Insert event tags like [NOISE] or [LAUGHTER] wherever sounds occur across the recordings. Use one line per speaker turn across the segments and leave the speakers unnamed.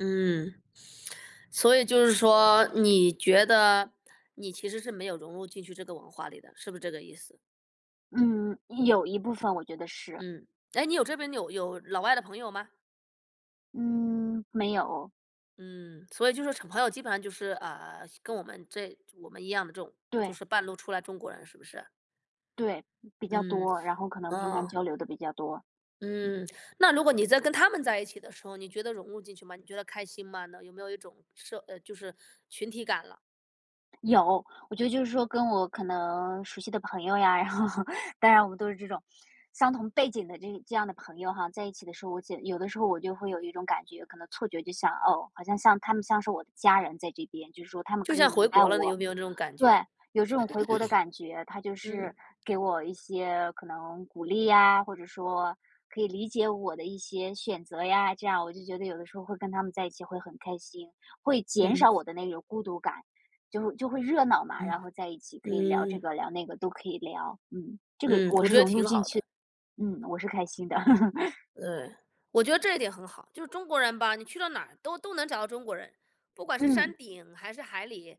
嗯，[TSK] 所以就是说，你觉得，你其实是没有融入进去这个文化里的，是不是这个意思？
嗯，有一部分我觉得是。
嗯，哎，你有这边有有老外的朋友吗？
嗯，没有。
嗯，所以就说朋友基本上就是，呃，跟我们这我们一样的这种，就
对。
是半路出来中国人是不是？
对，比较
嗯。
多，然后可能平常
哦。
交流得比较多。
嗯，那如果你在跟他们在一起的时候，你觉得融入进去吗？你觉得开心吗？那有没有一种社呃，就是群体感了？
有，我觉得就是说跟我可能，熟悉的朋友呀，然后，当然我们都是这种，相同背景的这这样的朋友哈，在一起的时候，我简我觉得有的时候我就会有一种感觉，可能错觉就像，哦，好像像他们像是我的家人在这边，就是说他们
就
可以
像回
明白
国了，你有
我。
没有那种感
对，
觉？
有这种回国的感觉，他就
[CLEARS THROAT]
是，
嗯。
给我一些可能鼓励呀，或者说，可以理解我的一些选择呀，这样我就觉得有的时候会跟他们在一起会很开心，会减少
嗯。
我的那种孤独感，就会就会热闹嘛，
嗯。
然后在一起可以聊这
嗯。
个、聊那个都可以聊。嗯，这个
嗯，
我
我
是
觉得
融入
挺
进
好
去
的。
的，嗯，我是开心的。[LAUGHS]
呃，我觉得这一点很好，就是中国人吧，你去到哪儿，都都能找到中国人，不管是
嗯。
山顶，还是海里，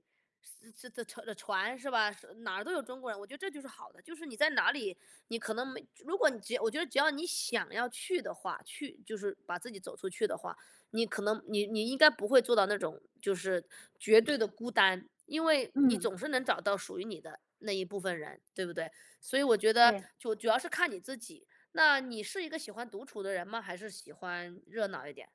这的的船，是吧？哪儿都有中国人，我觉得这就是好的，就是你在哪里，你可能美如果你只要我觉得只要你想要去的话，去就是，把自己走出去的话，你可能你你应该不会做到那种，就是，绝对的孤单，因为，你
嗯。
总是能找到属于你的那一部分人，对不对？所以我觉得，
对。
就主要是看你自己，那你是一个喜欢独处的人吗？还是喜欢热闹一点？